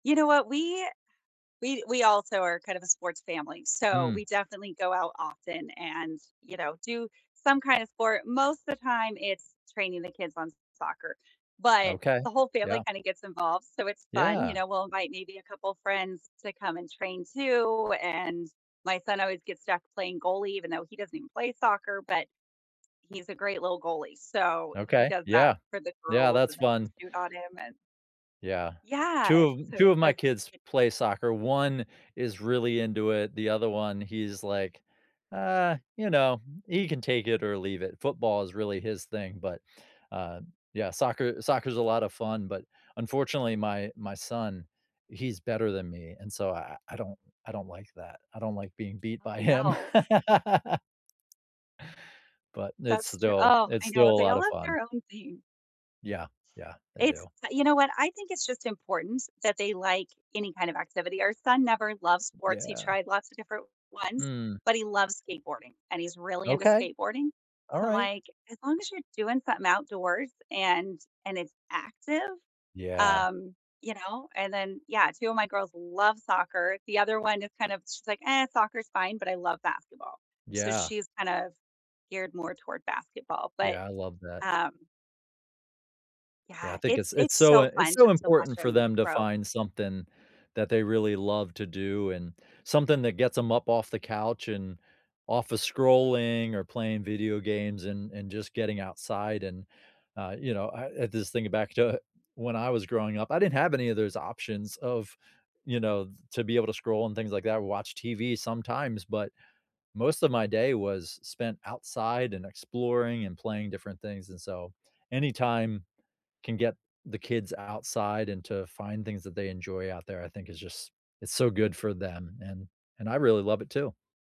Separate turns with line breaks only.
You know what? We, we, we also are kind of a sports family, so
Mm.
we definitely go out often and, you know, do some kind of sport. Most of the time, it's training the kids on soccer, but,
Okay.
the whole family
Yeah.
kinda gets involved, so it's fun. You
Yeah.
know, we'll invite maybe a couple friends to come and train too, and my son always gets stuck playing goalie, even though he doesn't even play soccer, but, he's a great little goalie. So he
Okay.
does that
Yeah,
for the
Yeah,
girls
that's
and they can
fun.
shoot on him and
Yeah. Two
Yeah,
of
so
two
it
of my
has
kids
e
play soccer. 1 is really into it. The other one, he's like, uh, you know, he can take it or leave it. Football is really his thing, but, uh, yeah, soccer soccer is a lot of fun, but, unfortunately, my my son, he's better than me, and so I I don't I don't like that. I don't like being beat
Oh,
by him.
no.
But, it's
That's true
still
oh,
it's
I
still
know.
a
They
lot
all
of
have
fun.
their own thing.
Yeah, Yeah. I
It's
do.
you know what? I think it's just important that they like any kind of activity. Our son never loves sports, he
Yeah.
tried lots of different ones,
Mm.
but he loves skateboarding, and he's really into
Okay.
skateboarding. So I'm
Alright.
like, as long as you're doing something outdoors and and it's active,
Yeah.
um, you know, and then, yeah, 2 of my girls love soccer. The other one is kind of, she's like, "Eh, soccer's fine, but I love basketball." So
Yeah.
she's kind of geared more toward basketball. But,
Yeah, I love that.
um
Yeah, I
Yeah,
think
it's
it's it's
it's
so,
so
uh, it's
fun
so
just to watch
important for
them
them to
grow.
find something that they really love to do and something that gets them up off the couch and office scrolling or playing video games and and just getting outside, and, uh, you know, I this thing back to when I was growing up, I didn't have any of those options of, you know, to be able to scroll and things like that or watch TV sometimes, but most of my day was spent outside and exploring and playing different things, and so, anytime can get the kids outside and to find things that they enjoy out there, I think is just, it's so good for them, and and I really love it too.